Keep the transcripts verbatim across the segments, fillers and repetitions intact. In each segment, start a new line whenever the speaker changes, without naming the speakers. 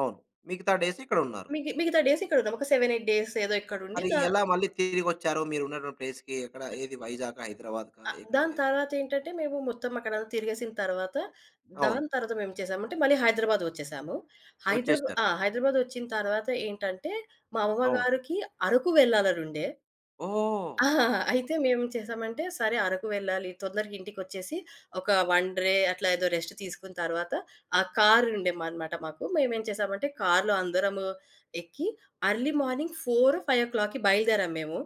అవును. మిగతా డేస్ ఇక్కడున్నారు.
మిగి మిగతా డేస్ ఇక్కడుందాం. ఒక సెవెన్ ఎయిట్ ఏదో ఇక్కడుండి.
మరి
దా
ఎలా మళ్ళీ తిరిగొచ్చారు మీరున్నటువంటి ప్లేస్‌కి? ఎక్కడ? ఏది వైజాగా? హైదరాబాద్‌కా
అ
ఎ‌క్కడికి?
దాని
తిరి
తర్వాతేంటంటే మేము మొత్తం అక్కడ తిరిగేసిన తర్వాత
అవును.
దానుతర్వాత మేము చేసామంటే మళ్ళీ హైదరాబాద్ ఒచ్చేసాము. హైదరాబాద్
వచ్చేసారు.
ఆ! హైదరాబాదొచ్చిన తర్వాత ఏంటంటే మా
అవును.
అవ్వగారికి అరకు వెళ్ళాలనుండె.
ఓహ్!
అయితే మేమేం చేసామంటే, సరే అరకు వెళ్ళాలి తొందరగా ఇంటికొచ్చేసి, ఒక వన్ డ్రె అట్లా ఏదో రెస్ట్ తీసుకున్న తరువాత ఆ కారుండే మాదిమాట మాకు. మేమేం చేసామంటే కార్‌లో అందరము ఎక్కి, ఎర్లీ మార్నింగ్ ఫోర్ ఫైవ్ ఓ క్లాక్‌కి బయలుదేరాం మేము.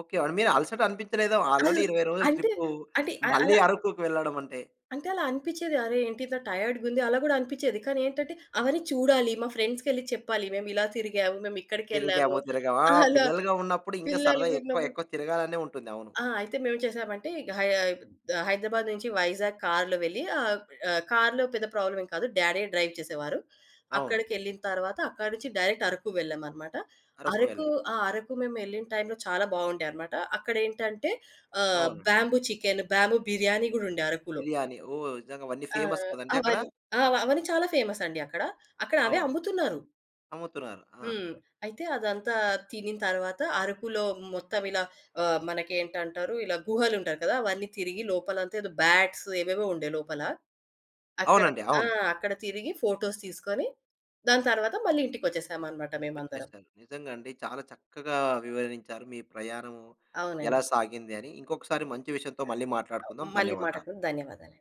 ఓకే. అండి అలసట అనిపించలేదా ఆల్రడీ ఇరవై రోజులు
అంటే
ట్రిప్పు.
అంటే అ
మళ్ళీ
అలా
అరకుకి వెళ్ళడమంటే?
అంటే అలా అనిపిచ్చేది, అరె! ఏంటి ఇంత టైయాడ్‌గుంది అలా గూడా అనిపిచ్చేది. కానీ ఏంటంటే అవన్నీ చూడాలి మా ఫ్రెండ్స్‌కెళ్లి చెప్పాలి. మేము ఇలా తిరిగాము, మేమిక్కడికెళ్ళాము
తిరిగాము. తిరగాము. ఆ!
అలా
పిల్లలుగా ఉన్నప్పుడు ఇంకా సరదా ఎక్కువ
పిల్లలుగున్నప్పుడు
ఎక్కువ తిరగాలనే ఉంటుంది. అవును.
ఆ! అయితే మేమేంచేసామంటే, ఇగ హై హైదరాబాద్ నుంచి వైజాగ్ కార్‌లో వెళ్ళి ఆ! అ కార్‌లో పెద్ద ప్రాబ్లమేం కాదు. డాడే డ్రైవ్ చేసేవారు.
అవును.
అక్కడికెళ్ళిన తర్వాత అక్కడి నుంచి డైరెక్ట్ అరకు వెళ్ళామనమాట. అరకు,
అరక్కువ్యాలా?
ఆ అరకు మేమెళ్ళిన టైంలో చాలా బావుండే అన్నమాట. అక్కడెంటంటే ఆహ్,
అవునండి.
బ్యాంబూ చికెన్, బ్యాంబూ బిర్యానీ గూడా ఉండే అరకులో.
బిర్యానీ, ఓహ్! నిజంగా అవన్నీ
ఆ!
ఫేమస్ కదండీ! అక్కడ?
అవన్ ఆ! అవన్నీ చాలా ఫేమసండి అక్కడ. అక్కడ అవే
అవును.
అమ్ముతున్నారు.
అమ్ముతున్నారు. ఆ!
హ్మ్. అయితే అదంతా తినినతర్వాత అరుకులో మొత్తం ఇలా ఆహ్, మనకేంటంటారు? ఇలా గుహలుంటారు కదా! అవన్నీ తిరిగి లోపలంతా ఏదో బ్యాట్స్ ఏవేవో ఉండే లోపల. అక్కడ
అవునండి.
ఆ!
అవును.
అక్కడ తిరిగి ఫోటోస్ తీసుకొని దాని తరువాత మళ్ళీ ఇంటికచ్చేసామన్నమాట మేమందరం.
వచ్చేసారు. నిజంగా అండి. చాలా చక్కగా వివరించారు. మీ ప్రయాణం ఎలా
అవునండి.
సాగిందని. ఇంకొకసారి మంచి విషయంతో మళ్ళీ
ఆ!
మాట్లాడుకుందాం.
మళ్ళీ
ధన్యవాదాలు.
మాట్లాడుకుందాం. ధన్యవాదాలండి.